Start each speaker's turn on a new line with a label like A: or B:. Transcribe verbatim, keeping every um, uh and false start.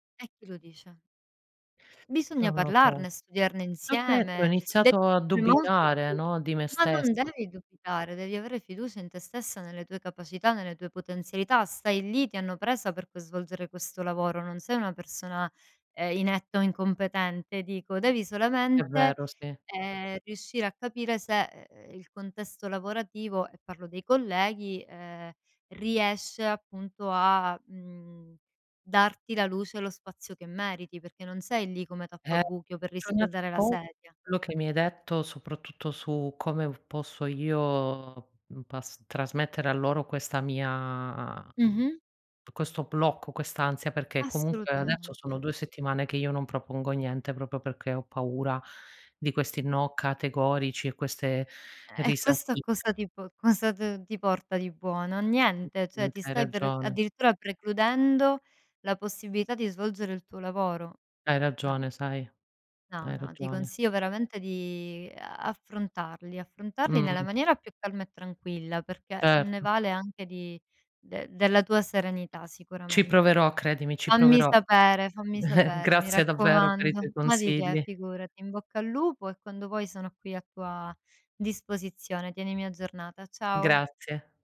A: E chi lo dice? Bisogna
B: Non lo so.
A: parlarne, studiarne
B: Ho detto, ho
A: insieme, devi
B: iniziato a
A: essere molto
B: dubitare,
A: più
B: no, di me
A: ma non
B: stessa.
A: devi dubitare, devi avere fiducia in te stessa, nelle tue capacità, nelle tue potenzialità. Stai lì, ti hanno presa per poi svolgere questo lavoro, non sei una persona, ehm, inetta o incompetente dico, devi
B: È
A: solamente,
B: vero, sì.
A: ehm, riuscire a capire se e e, il contesto lavorativo, e parlo dei colleghi, ehm, riesce appunto a, mhmm, darti la luce e lo spazio che meriti, perché non sei lì come
B: Eh.
A: tappabuchi o per
B: Bisogna un
A: riscaldare la
B: po'
A: sedia.
B: quello che mi hai detto, soprattutto su come v posso io, uhm, pas trasmettere a loro questa mia uhm,
A: Mh-mh.
B: questo blocco, quest'ansia, perché comunque adesso sono
A: Assolutamente.
B: due settimane che io non propongo niente propio perché ho paura di questi no categorici e queste
A: Eh, questo a
B: risatine.
A: cosa ti po cosa d ti porta di buono? A niente, ceh,
B: Mh-mh.
A: ti
B: Hai
A: stai per
B: ragione.
A: addirittura precludendo la possibilità di svolgere il tuo lavoro.
B: Hai
A: No.
B: ragione, sai,
A: No,
B: hai
A: no, ti
B: ragione.
A: consiglio veramente di affrontarli affrontarli nella
B: Mh.
A: maniera più calma e tranquilla, perché ne
B: Certo.
A: vale anche di de della tua serenità
B: Ci
A: sicuramente.
B: proverò credimi, ci
A: Fammi
B: proverò.
A: sapere, fammi sapere, mi
B: Grazie davvero per i
A: raccomando.
B: tuoi
A: Ma di che,
B: consigli.
A: figurati. In bocca al lupo e quando vuoi sono qui a tua disposizione. Tienimi aggiornata. Ciao.
B: Grazie.